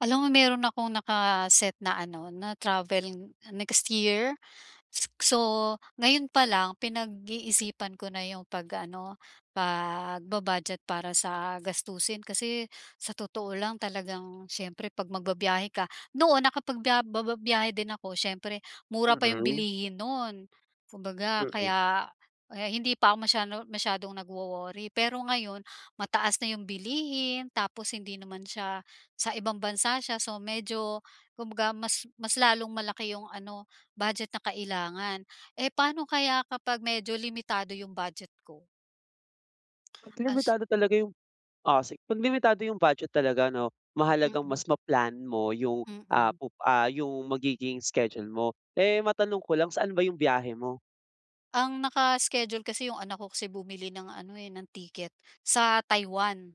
Alam mo, meron akong naka-set na ano, na travel n next year. S so, ngayon pa lang, pinag-iisipan ko na 'yong pag ano, pagba-budget para sa gastusin. Kasi, sa totoo lang talagang, siyempre 'pag magbabyahe ka, noon nakapagbiya ba ba biyahe din ako. Siyempre, mura pa 'yong Okay. bilihin no'n, kumbaga, Mm. kaya, eh, hindi pa ako masyado masyadong nagwo-worry. Pero ngayon, mataas na 'yong bilihin tapos hindi naman siya, sa ibang bansa siya, so medyo, kumbaga, mas mas lalong malaki 'yong ano, budget na kailangan. Eh, paano kaya kapag medyo limitado 'yong budget ko? 'Pag As limitado talaga 'yong o, si 'Pag limitado 'yong budget talaga, 'no, mahalagang mas Mm. ma-plan mo 'yong, ah, Mm. pup ah, 'yong magiging schedule mo. Eh, matanong ko lang, saan ba 'yong biyahe mo? Ang naka-schedule kasi, 'yong anak ko kasi bumili ng ano, eh, ng ticket, sa Taiwan.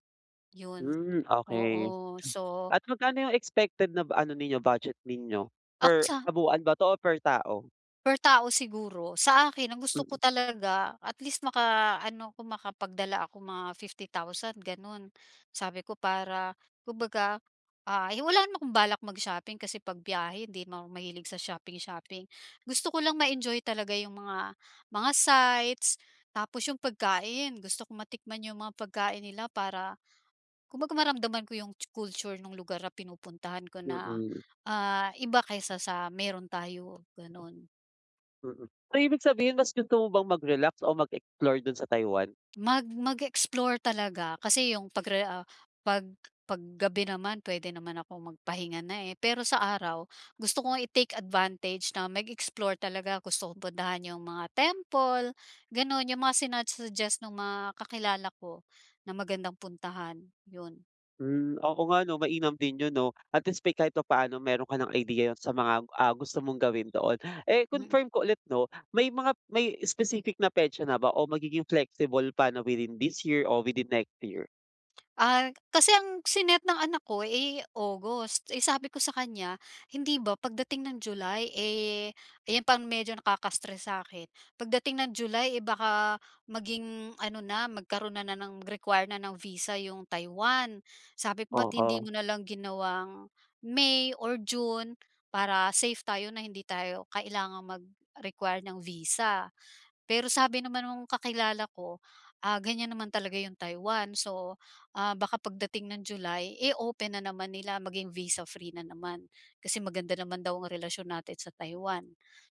'Yon, Hmm, okay. oo, So, Ta at ma magkano 'yong expected na bu ano ninyo, budget ninyo, Ako per sa kabuoan ba 'to o per tao? Per tao siguro. Sa akin ang gusto ko Mm. talaga at least makaano ako makapagdala ako mga 50,000 gano'n. Sabi ko para kumbaga, ah, ay wala naman akong balak mag-shopping kasi pagbiyahe hindi na ako mahilig sa shopping-shopping. Gusto ko lang ma-enjoy talaga yung mga, mga sights, tapos yung pagkain gusto kong matikman yung mga pagkain nila para kumbaga maramdaman ko yung tsu culture nung lugar na pinupuntahan ko na, Mm. ah, iba kaysa sa meron tayo gano'n. Mm, ay ibig sabihin mas gusto mo bang mag-relax o mag-explore dun sa Taiwan? Mag mag-explore talaga kasi yung pag-re ah, pag pag gabi naman puwede naman akong magpahinga na, eh. Pero sa araw gusto ko nga i-take advantage na mag-explore talaga gusto kong puntahan yung mga temple gano'n, yung mga sina-suggest nung mga kakilala ko na magandang puntahan, 'yon. Hmm, oo nga 'no mainam din 'yon 'no at least pa, eh, kahit papaano meron ka ng idea, 'yon sa mga, ah, gusto mong gawin doon. Eh, Mm. confirm ko ulit 'no, may mga may specific na petsa na ba o magiging flexible pa 'no, within this year or within next year? Ah, kasi ang si-net ng anak ko, eh, August, eh, sabi ko sa kanya, hindi ba pagdating ng July, eh, ayan pang medyo nakaka-stress sa akin, pagdating ng July, eh, baka maging ano na, magkaroon na na ng require na ng visa yung Taiwan. Sabi, "Ba't hindi Oo. mo na lang ginawang May or June para safe tayo, na hindi tayo kailangang mag-require ng visa?" Pero sabi naman nung kakilala ko, ah, ganyan naman talaga yung Taiwan, so, ah, baka pagdating ng July, eh, open na naman nila, maging visa-free na naman, kasi maganda naman daw yung relasyon natin sa Taiwan,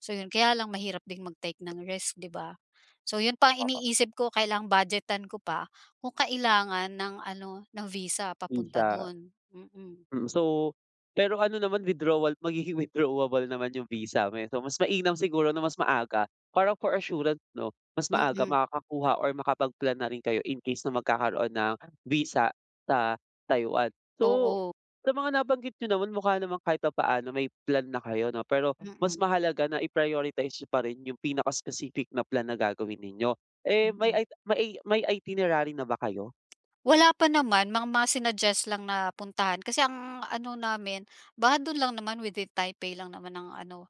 so 'yun. Kaya lang mahirap din mag-take ng risk, 'di ba? So 'yun pa ang Oo. iniisip ko, kailangang budget-an ko pa, kung kailangan ng ano, ng visa Dun papunta sa do'n, mm. Mm, so pero ano naman, withdrawal magiging withdrawable naman yung visa mo, eh, so mas mainam siguro na mas maaga para for assurance, 'no, mas maaga Mm. makakakuha or makapag-plan na rin kayo in case na magkakaroon ng visa sa Taiwan. So, Oo. sa mga nabanggit n'yo naman, mukha namang kahit papaano may plan na kayo 'no, pero mas Mm. mahalaga na i-prioritize n'yo pa rin yung pinaka-specific na plan na gagawin ninyo, eh, may Mm. ita may ei may itinerary na ba kayo? Wala pa naman, mang mga sinuggest lang na puntahan, kasi ang ano namin, baka dun lang naman, within Taipei lang naman ang ano,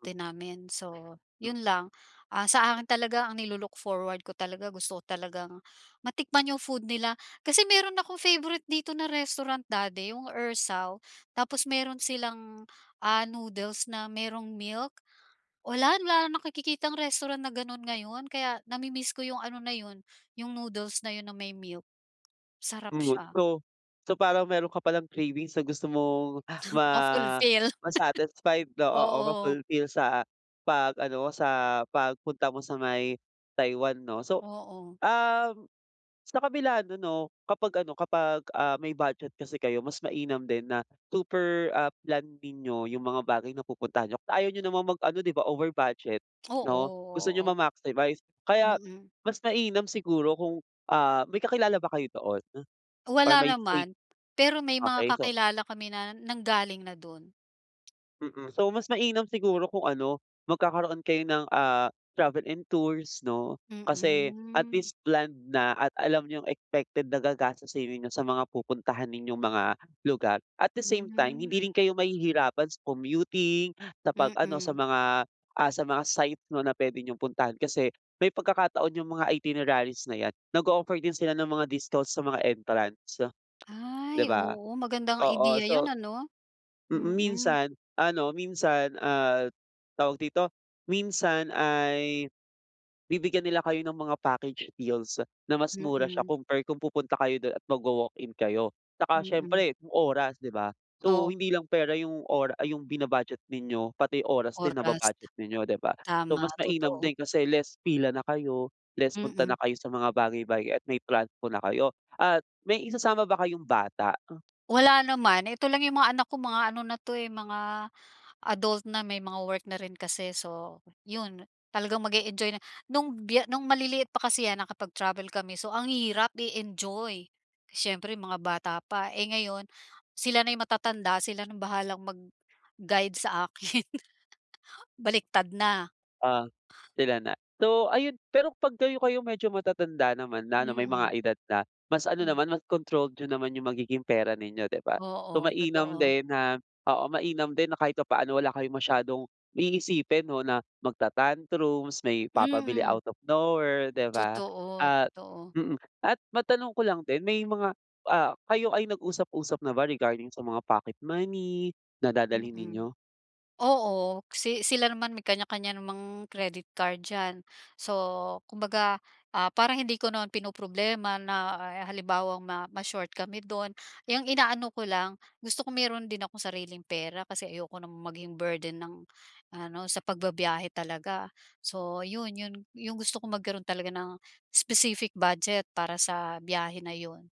[unintelligible] namin, so Sa 'yun lang. Ah, sa akin talaga ang nilu-look forward ko talaga, gusto ko talagang matikman yung food nila, kasi meron ako favourite dito na restaurant, dati, yung Ersao. Tapos meron silang, ah, noodles na merong milk, wala wala nakikitang restaurant na ganun ngayon, kaya nami-miss ko yung ano na 'yon, yung noodles na 'yon, na may milk, sarap Umuwi siya. so so parang meron ka palang cravings na gusto mong, ah, ma Ma-fulfill. ma-satisfy oo, oo, Oo. ma-fulfill sa pag-ano mo, sa pagpunta mo sa may Taiwan, 'no. So, Oo. um, sa kabila nun 'no, kapag ano kapag, ah, may budget kasi kayo, mas mainam din na super, ah, planned ninyo yung mga bagay na pupuntahan n'yo. Kasi ayaw n'yo namang mag-ano, 'di ba, over budget, Oo, 'no, gusto n'yong oo. ma-maximize, kaya Mm. mas mainam siguro kung, ah, may kakilala ba kayo doon? Or Wala may safe naman, pero may mga okey, so kakilala kami na nanggaling na do'n. Mm, so mas mainam siguro kung ano, magkakaroon kayo ng, ah, travel and tours 'no? Kasi at Mm. least planned na at alam niyong expected na gagastosin ninyo sa mga pupuntahanin yung mga lugar. At the same time Hmm. hindi rin kayo mahihirapan sa commuting, sa 'pag ano sa Mm. mga, ah, sa mga site 'no na puwede niyong puntahan, kasi may pagkakataon yung mga itineraries na 'yan, nag-ooffer din sila ng mga discounts sa mga entrance, 'di Ay, ba? oo, maganda ngang Oo, ideya 'yan so ano? mm, Mm. minsan, ano minsan, ah, tawag dito? Minsan ay, bibigyan nila kayo ng mga package deals na mas mura siya Mm. compare kung pupunta kayo dun at magwa-walk-in kayo, 'tsaka Mm. siyempre yung oras, 'di ba? So, Oh. hindi lang pera yung ora ay yung bina-budget ninyo pati oras din Oras. naba-budget din ninyo, 'di ba? So, Tama, mas mainam totoo. din kasi less pila na kayo, less punta na Mm. kayo sa mga bagay-bagay at may transpo na kayo. At may isasama ba kayong bata? Wala naman ito lang yung mga anak ko mga ano na 'to, eh, mga adult na may mga work na rin kasi, so 'yon. Talagang mag-e-enjoy na nung biye nung maliliit pa kasi 'yan kapag travel kami, so ang hirap i-enjoy. Siyempre mga bata pa, eh, ngayon sila na'y matatanda sila nung bahalang mag-guide sa akin, baliktad na. Ah, sila na. So, ayun pero 'pag kayo-kayo medyo matatanda naman na ano may mga Mm. edad na, mas ano Hmm. naman mas controlled niyo naman yung magiging pera ninyo 'di ba? So, Oo, mainam totoo. din na oo mainam din na kahit papaano wala kayong masyadong iisipin 'no, na magta-tantrums, may papabili Mm. out of nowhere, 'di ba? Totoo, At totoo. mm, at matanong ko lang din may mga ah, kayo-kayo nag-usap-usap na ba regarding sa mga pocket money na dadalhin Mm. ninyo? Oo si sila naman may kanya-kanya namang credit card diyan. So, kumbaga, ah, parang hindi ko naman pinoproblema na halimbawang ma ma-short kami dun yung inaano ko lang gusto ko meron din akong sariling pera kasi ayoko namang maging burden ng ano, sa pagba-biyahe talaga. So 'yon, 'yon yung gusto kong magkaroon talaga ng specific budget para sa biyahe na 'yon.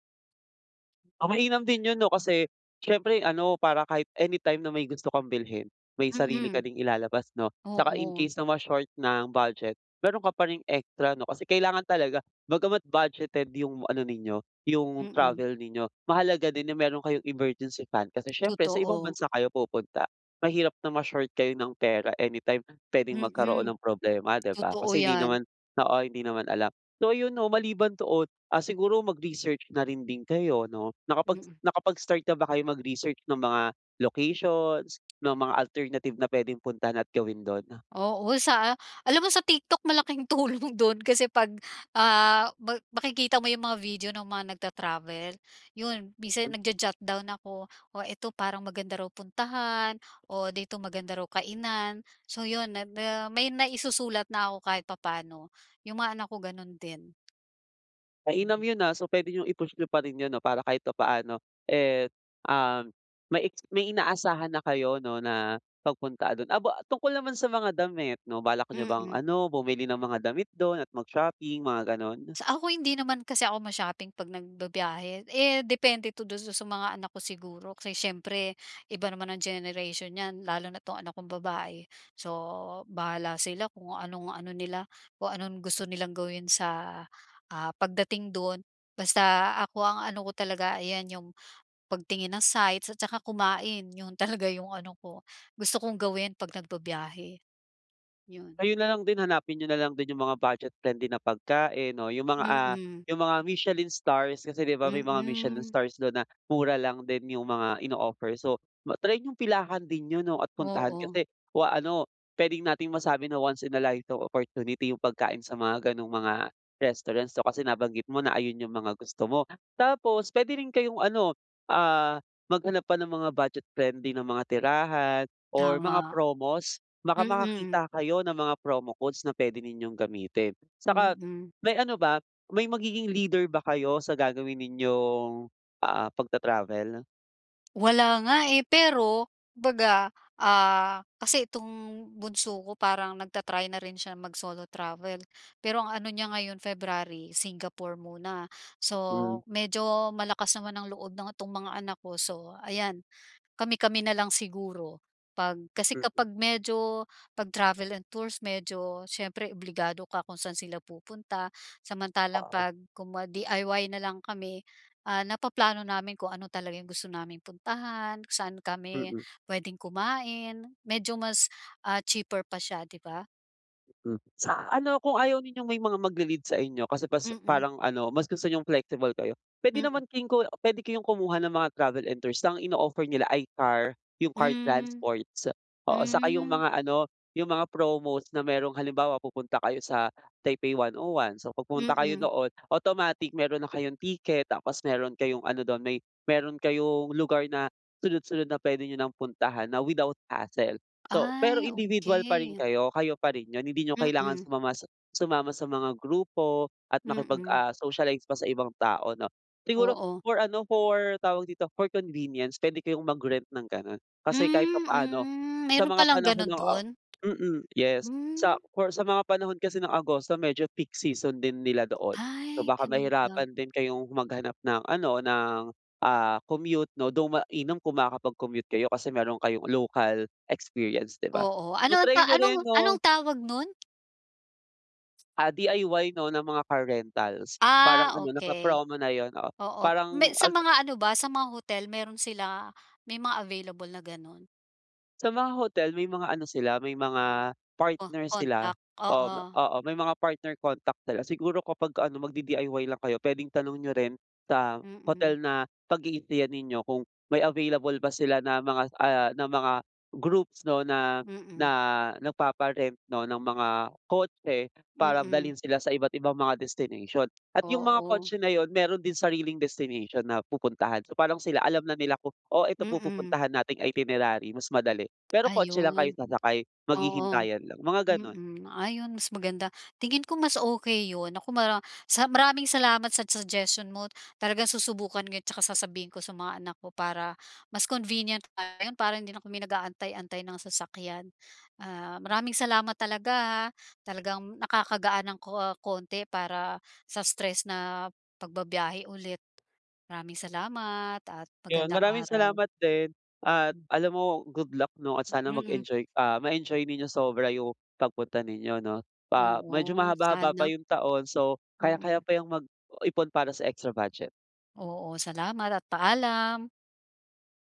Ah, mainam din yun 'no, kasi siyempre ano para kahit anytime na may gusto kang bilhin, may sarili ka Mm. ding ilalabas 'no? 'Tsaka in Oo. case na ma-short ng budget, meron ka pa ring extra 'no, kasi kailangan talaga bagamat budgeted yung ano ninyo yung Mm. travel ninyo mahalaga din yung meron kayong emergency fund kasi siyempre sa ibang Totoo. bansa kayo pupunta. Mahirap na ma-short kayo ng pera anytime pwedeng magkaroon Mm, ng problema 'di ba? totoo Kasi hindi yan. naman oo hindi naman alam, so yun 'no, maliban doon, ah, siguro mag-research na rin din kayo 'no? Nakapag Mm. nakapag-start na ba kayo mag-research ng mga locations, ng mga alternative na pwedeng puntahan at gawin dun 'no? Oo, sa a alam mo sa TikTok malaking tulong dun kasi 'pag, ah, ma makikita mo yung mga video ng mga nagta-travel, yun minsan Hmm. nagjo-jot-down ako, o eto parang maganda raw puntahan o dito maganda raw kainan. So, yun may ma may may maisusulat na ako, kahit papaano, yung mga anak ko ganun din. Mainam Mm. yun, ah, so pwede nyong i-push niyo pa rin yun 'no, para kahit papaano, eh, ah, may eks may inaasahan na kayo 'no, na pagpunta dun, aba, tungkol naman sa mga damit 'no, balak niyo bang Mm. ano bumili ng mga damit dun at mag shopping, mga gano'n? Sa ako hindi naman kasi ako ma-shopping 'pag nagbibiyahe. Eh, depende 'to dun sa mga anak ko siguro kasi siyempre iba naman ang generation nyan lalo na't 'tong anak kong babae. So, bahala sila kung anong, ano nila kung anong gusto nilang gawin sa, ah, pagdating dun. Basta ako ang ano ko talaga ayan yung, pagtingin ng sites at tsaka kumain yun talaga yung ano ko, gusto kong gawin 'pag nagbabyahe. Yun. Ayun na lang din hanapin nyo na lang din yung mga budget-friendly na pagkain 'no, yung mga ah, Mm. yung mga Michelin Stars kasi 'di ba, may mga Michelin Mm. Stars dun na mura lang din yung mga ino-offer. So, ma-try yung pilahan din yun 'no, at puntahan Oo. kasi o ah, ano pwedeng nating masabi na once in a life opportunity yung pagkain sa mga ganung mga restaurant. So kasi nabanggit mo na ayun yung mga gusto mo. Tapos pwede rin kayong ano, ah, maghanap pa ng mga budget-friendly na mga tirahan or mga Tama. promos baka Mm. makakita kayo ng mga promo codes na pwede ninyong gamitin. 'Tsaka Mm. may ano ba may magiging leader ba kayo sa gagawin ninyong, ah, pagta-travel? Wala nga eh, pero, 'baga ah kasi itong bunso ko parang nag-ta-try na rin siya mag-solo travel pero ang ano niya ngayon February, Singapore muna so Mhm. medyo malakas naman ang loob ng 'tong mga anak ko so ayan, kami-kami na lang siguro, pag kasi Mm. kapag medyo, pag travel and tours medyo siyempre obligado ka kung saan sila pupunta samantalang Oo. 'pag kumwari DIY na lang kami ah napaplano namin kung ano talaga yung gusto naming puntahan kung saan kami Mm. pwedeng kumain, medyo mas ah cheaper pa siya 'di ba? Mm, sa ano kung ayaw ninyong may mga magli-lead sa inyo kasi pas Mm. parang ano mas gusto niyong flexible kayo pwede Mm. naman kin ko pwede kayong kumuha ng mga travel and tours ng ino-offer nila ay car, yung car Mm, transports oo saka yung mm. mga ano yung mga promos na merong halimbawa pupunta kayo sa Taipei 101 so pag pumunta kayo Mm. doon automatic meron na kayong ticket tapos meron kayong ano dun may meron kayong lugar na sunod-sunod na pwede 'nyo ng puntahan na without hassle, so pero Ay, individual pa rin okey. kayo kayo pa rin yun hindi niyo kailangan Mm. sumama sumama sa mga grupo at makipag Mm. ah socialize pa sa ibang tao 'no siguro Oo. for ano for tawag dito for convenience pwede kayong mag rent ng ganon kasi kahit Hmm, pa-paano mm sa meron mga palang panahon ganun ng ah, dun? mm yes Hmm. sa for sa mga panahon kasi ng Agosto medyo peak season din nila doon so Ay, baka ganun ba? mahirapan din kayong maghanap ng ano ng ah commute no though mainam kung makakapag-commute kayo kasi meron kayong local experience 'di ba? Oo, 'To ano try niyo anong, rin anong 'no. tawag 'nun? Ah, DIY 'no ng mga car rentals. Parang Ah, ano, okey. naka-promo na yun, oo. Oo. Parang May sa al mga ano ba, sa mga hotel, meron sila? May mga available na gano'n? Sa mga hotel, may mga ano sila, may mga Oh, partner sila, contact, oo ma oo. oo, may mga partner contact sila. Siguro kapag ano, mag-di-DIY lang kayo, pwedeng tanong niyo rin sa Mm. hotel na pag-i-stayan ninyo kung may available ba sila na mga, ah, na mga groups 'no na, na Mm. nagpapa-rent 'no ng mga kotse para Mm. dalhin sila sa iba't ibang mga destination. At yung mga Oo. kotse na yun, meron din sariling destination na pupuntahan. So, parang sila, alam na nila kung, "Oh, ito po Mm. pupuntahan nating itinerary mas madali." Pero kotse lang kayo Ayun. sasakay. Oo. Maghihintayan lang, mga gano'n. Mm. Ayun, mas maganda. Tingin ko mas okey yun. Naku mara sa maraming salamat sa suggestion mo. Talagang susubukan ko yun tsaka sasabihin ko sa mga anak ko para mas convenient, para hindi na kami nag-aantay-antay ng sasakyan. Ah, maraming salamat talaga ha. Talagang nakakagaan ng ko konti para sa stress na pagbibiyahe ulit. Maraming salamat at Yun. magandang Maraming araw. salamat din at Hmm. alam mo, good luck 'no at sana Mm. mag-enjoy ah, ma-enjoy ninyo sobra yung pagpunta ninyo 'no. Ah, medyo Oo, mahaba-haba pa sana. yung taon so kayang kaya Mm. pa yang mag-ipon para sa extra budget. Oo. Salamat at paalam.